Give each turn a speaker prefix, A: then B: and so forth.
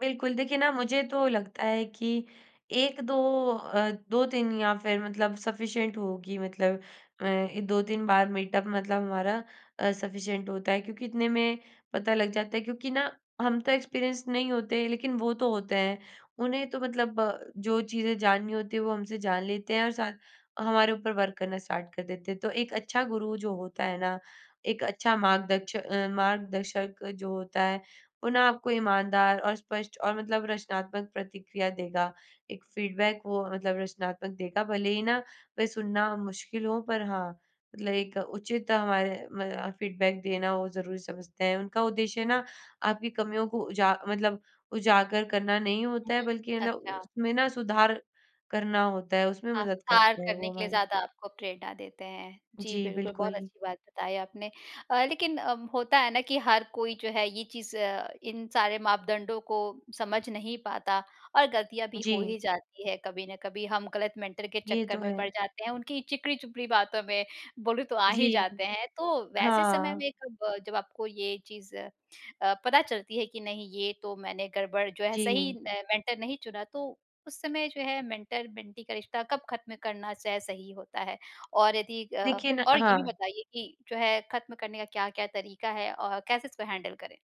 A: बिल्कुल। देखिए ना मुझे तो लगता है कि 1-2 अ, 2-3 या फिर मतलब सफीशिएंट होगी मतलब मैं 2-3 बार मीटअप मतलब हमारा अ, सफीशिएंट होता है क्योंकि इतने में पता लग जाता है क्योंकि ना हम तो एक्सपेरिएंस्ड नहीं होते, लेकिन वो तो होते हैं, उन्हें तो मतलब जो चीजें जाननी होती है वो हमसे जान लेते हैं और साथ हमारे ऊपर वर्क करना स्टार्ट कर देते हैं। तो एक अच्छा गुरु जो होता है ना, एक अच्छा मार्गदच्चा मार्गदर्शक जो होता है, वो ना आपको ईमानदार और स्पष्ट और मतलब रचनात्मक प्रतिक्रिया देगा। एक फीडबैक वो मतलब रचनात्मक देगा भले ही ना वे सुनना मुश्किल हो पर हाँ, मतलब एक उचित हमारे मदा फीडबैक देना वो ज़रूरी समझते हैं, उनका उद्देश्य ना आपकी कमियों को उजा मतलब उजागर करना नहीं
B: हुँ,
A: होता है बल्कि मतलब
B: अच्छा।
A: उसमें ना सुधार करना होता है उसमें
B: हाँ,
A: मदद
B: हार
A: करते हैं
B: करने
A: वो
B: के लिए
A: हमारी।
B: ज़्यादा आपको प्रेरणा देते हैं। जी,
A: जी,
B: बिल्कुल बहुत
A: बिल्कुल।
B: अच्छी बात बताई आपने। अ, लेकिन अ, होता है ना कि हर कोई जो है ये चीज़, इन सारे मापदंडों को समझ नहीं पाता और गलतियाँ भी हो
A: जी।
B: ही जाती है कभी न कभी, हम गलत मेंटर के
A: ये
B: चक्कर
A: तो
B: में पड़
A: है।
B: जाते हैं। उनकी चिकनी-चुपड़ी बातों में बोलूँ तो आ ही
A: जी।
B: जाते हैं, तो वैसे समय
A: हाँ।
B: में कब जब आपको ये चीज़ अ, पता चलती है कि नहीं ये तो मैंने गड़बड़ जो है सही
A: जी।
B: मेंटर नहीं चुना तो उस समय जो है मेंटर मेंटी का रिश्ता कब खत्म करना चाहे च सही होता है? और यदि अ,
A: देखिए ना
B: और ये
A: हाँ।
B: भी बताइए कि जो है खत्म करने का क्या-क्या तरीका है अ, कैसे इसको हैंडल करें।